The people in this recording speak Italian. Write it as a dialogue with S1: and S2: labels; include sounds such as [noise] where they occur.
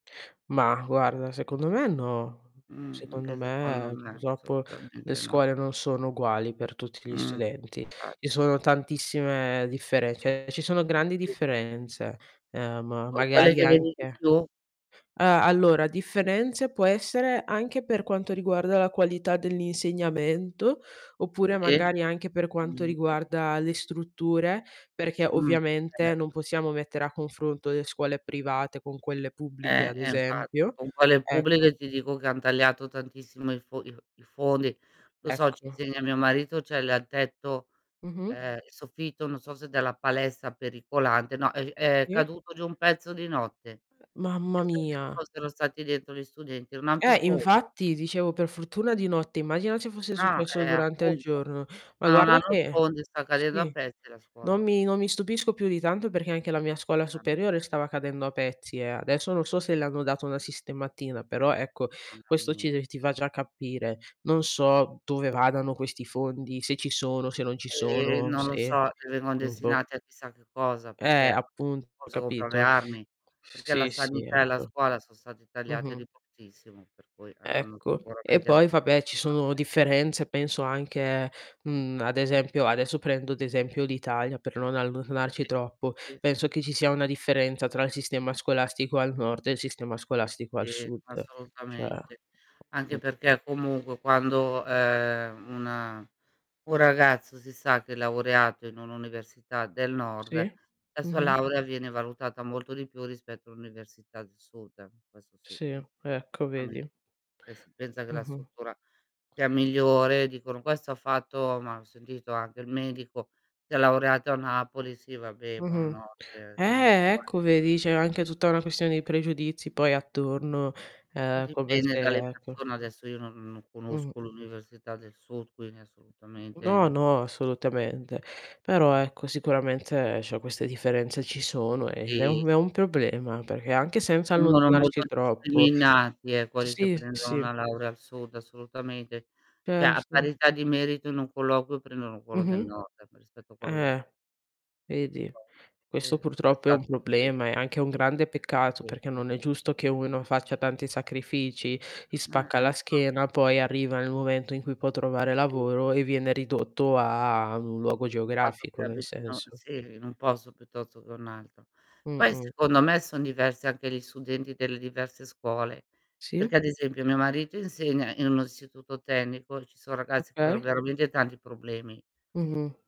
S1: Ma guarda secondo me no,
S2: Mh-mh,
S1: secondo
S2: anche secondo
S1: me
S2: me,
S1: purtroppo le
S2: assolutamente no.
S1: scuole non sono uguali per tutti gli
S2: Mh.
S1: studenti.
S2: Eh.
S1: Ci sono tantissime differen cioè ci sono grandi
S2: [unintelligible]
S1: differenze, ehm,
S2: Poi quelle
S1: magari
S2: che vedi di
S1: anche
S2: più
S1: ah, allora differenze può essere anche per quanto riguarda la qualità dell'insegnamento, oppure
S2: Sì.
S1: magari anche per
S2: No,
S1: quanto
S2: niente.
S1: riguarda le strutture perché
S2: Mh. Eh,
S1: ovviamente non
S2: ecco.
S1: possiamo mettere a confronto le scuole private con quelle pubbliche
S2: Eh,
S1: ad
S2: eh, infatti.
S1: esempio.
S2: Con quelle
S1: Ecco.
S2: pubbliche ti dico che han tagliato tantissimo i fo i f i fondi. Lo so ci
S1: Ecco.
S2: insegna mio marito c'è l il tetto,
S1: Mh-mh.
S2: ehm, soffitto non so se della palestra pericolante, no è g è
S1: Sì.
S2: caduto giù un pezzo di notte.
S1: Mamma
S2: Pensa se ci
S1: mia.
S2: fossero stati dentro gli studenti, non han più
S1: Eh,
S2: fondi.
S1: infatti dicevo per fortuna di notte, immagina se fosse
S2: Ah,
S1: successo
S2: eh,
S1: durante il
S2: appunto,
S1: giorno. Ma
S2: ma non
S1: guarda
S2: hanno un
S1: che
S2: fondo e sta cadendo a
S1: sì,
S2: pezzi la
S1: non
S2: scuola.
S1: mi non mi stupisco più di tanto perché anche la mia scuola
S2: [unintelligible]
S1: superiore stava cadendo a pezzi eh; adesso non so se le hanno dato una sistematina però ecco questo ci
S2: [unintelligible]
S1: ti ti fa già capire. Non so dove vadano questi fondi, se ci sono, se non ci
S2: Ehm,
S1: sono,
S2: non lo
S1: se
S2: so, vengono
S1: mhmm, boh.
S2: destinati a chissà che cosa
S1: Eh,
S2: perché
S1: appunto
S2: posso comprare le
S1: capito?
S2: armi, perché la
S1: Sì, sì
S2: sanità e la
S1: ecco.
S2: scuola sono stati tagliate
S1: Mh-mh.
S2: di pochissimo per cui avranno
S1: Ecco, e
S2: sicuramente
S1: poi vabbè ci sono
S2: [unintelligible]
S1: differenze penso anche, mhmm, ad esempio adesso prendo ad esempio l'Italia per non allontanarci
S2: Sì,
S1: troppo,
S2: sì,
S1: penso
S2: sì.
S1: che ci sia una differenza tra il sistema scolastico al nord e il sistema scolastico al
S2: Sì,
S1: sud. Cioè
S2: assolutamente.
S1: mh.
S2: Anche perché comunque quando, ehm, una un ragazzo si sa che è laureato in un'università del nord,
S1: Sì,
S2: la sua
S1: mh-mh.
S2: laurea viene valutata molto di più rispetto a un'università del sud. Questo sì,
S1: Sì, ecco
S2: [unintelligible]
S1: vedi.
S2: si pensa che la
S1: Mh-mh.
S2: struttura sia migliore, dicono: "Questo ha fatto" ma ho sentito anche il medico, si è laureato a Napoli, sì vabbè,
S1: Mh-mh.
S2: buonanotte. Che me ne
S1: Eh,
S2: impor
S1: ecco vedi c'è anche tutta una questione di pregiudizi poi attorno,
S2: Poi
S1: ehm come
S2: dipende
S1: se
S2: dalle
S1: ecco.
S2: persone adesso io non non
S1: Mh-mh.
S2: conosco l'università del sud quindi
S1: No,
S2: assolutamente
S1: no, assolutamente. Però ecco sicuramente, cioè queste differenze ci sono e
S2: Sì, sì,
S1: ed è un
S2: sì.
S1: un problema, perché anche senza
S2: Vengono molto
S1: allontanarci troppo
S2: discriminati eh, quelli che
S1: sì, sì,
S2: prendono
S1: sì.
S2: una laurea al sud assolutamente. Cioè a
S1: Certo.
S2: parità di merito in un colloquio prendono quello del
S1: Mh-mh.
S2: nord rispetto a quello del s
S1: Eh.
S2: Per
S1: Vedi.
S2: forza. Sì
S1: Questo purtroppo è un
S2: esatto, sì.
S1: problema, è anche un grande peccato
S2: Sì.
S1: perché non è giusto che uno faccia tanti sacrifici, gli spacca
S2: Eh.
S1: la
S2: [unintelligible]
S1: schiena, poi arriva nel momento in cui può trovare
S2: Sì.
S1: lavoro e viene ridotto a ad un luogo
S2: Il fatto che
S1: geografico, nel
S2: abitino
S1: senso.
S2: sì, in un posto piuttosto che un altro. Poi
S1: Mh-mh.
S2: secondo me son diversi anche gli studenti delle diverse scuole,
S1: Sì.
S2: perché ad esempio mio marito insegna in un istituto tecnico, ci son ragazzi con
S1: Okay.
S2: veramente tanti problemi.
S1: Mh-mh.